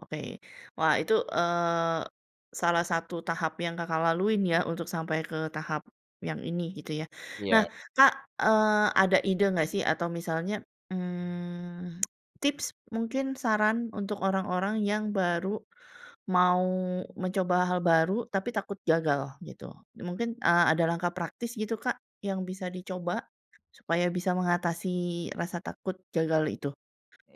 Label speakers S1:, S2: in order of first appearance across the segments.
S1: Oke. Wah itu eee, salah satu tahap yang Kakak laluin ya untuk sampai ke tahap yang ini gitu ya. Nah
S2: Iya.
S1: Kak, eee, ada ide enggak sih atau misalnya, mmm, tips mungkin saran untuk orang-orang yang baru mau mencoba hal baru, tapi takut gagal gitu. Mungkin, eee, ada langkah praktis gitu Kak, yang bisa dicoba? Supaya bisa mengatasi rasa takut gagal itu?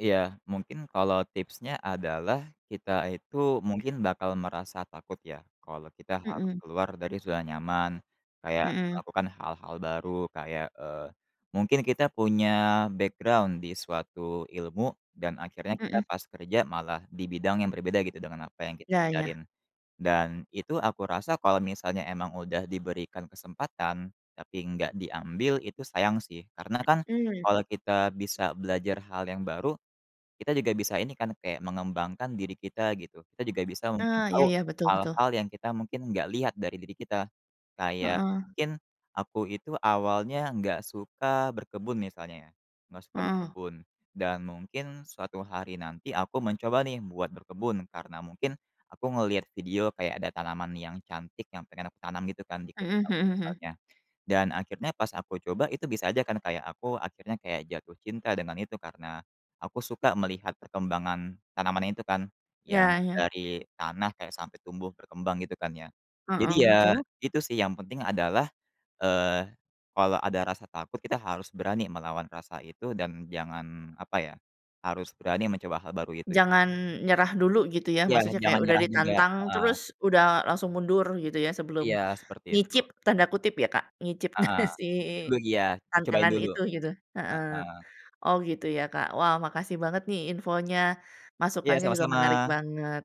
S2: Iya. Mungkin kalau tipsnya adalah, kita itu mungkin bakal merasa takut ya kalau kita harus
S1: Mhm.
S2: keluar dari zona nyaman, kayak
S1: Mhm.
S2: melakukan hal-hal baru kayak, eee, mungkin kita punya background di suatu ilmu dan akhirnya kita
S1: Mhm.
S2: pas kerja malah di bidang yang berbeda gitu dengan apa yang kita
S1: Iya iya.
S2: ajarin. Dan itu aku rasa kalau misalnya emang udah diberikan kesempatan tapi enggak diambil, itu sayang sih. Karena kan
S1: Mhm.
S2: kalau kita bisa belajar hal yang baru, kita juga bisa ini kan, kayak mengembangkan diri kita gitu. Kita juga bisa mungkin
S1: Eee, iya
S2: tahu
S1: iya, betul betul.
S2: hal-hal yang kita mungkin enggak lihat dari diri kita. Kayak
S1: Heeh.
S2: mungkin aku itu awalnya enggak suka berkebun misalnya, enggak suka
S1: Heeh.
S2: berkebun. Dan mungkin suatu hari nanti aku mencoba nih buat berkebun, karena mungkin aku ngelihat video kayak ada tanaman yang cantik yang pengen aku tanam gitu kan di kebun
S1: Mhm
S2: aku
S1: mhm mhm.
S2: misalnya. Dan akhirnya pas aku coba, itu bisa aja kan kayak aku akhirnya kayak jatuh cinta dengan itu karena, aku suka melihat perkembangan tanaman itu kan, yang
S1: Ya, iya.
S2: dari tanah kayak sampai tumbuh berkembang gitu kan ya. Jadi
S1: Heeh,
S2: ya,
S1: betul.
S2: itu sih yang penting adalah, eee, kalau ada rasa takut, kita harus berani melawan rasa itu dan jangan apa ya, harus berani mencoba hal baru itu.
S1: Jangan nyerah dulu gitu ya
S2: Iya,
S1: maksudnya
S2: jangan
S1: kayak udah
S2: nyerah juga.
S1: ditantang,
S2: Heeh.
S1: terus udah langsung mundur gitu ya
S2: Iya
S1: sebelum
S2: seperti itu.
S1: nyicip, tanda kutip ya Kak, nyicip
S2: Heeh.
S1: si
S2: mungkin dulu iya, di cobain
S1: tantangan
S2: dulu.
S1: itu gitu. Heeh.
S2: Heeh.
S1: Oh gitu ya Kak, wah makasih banget nih infonya,
S2: Iya
S1: masukannya juga menarik
S2: sama-sama.
S1: banget.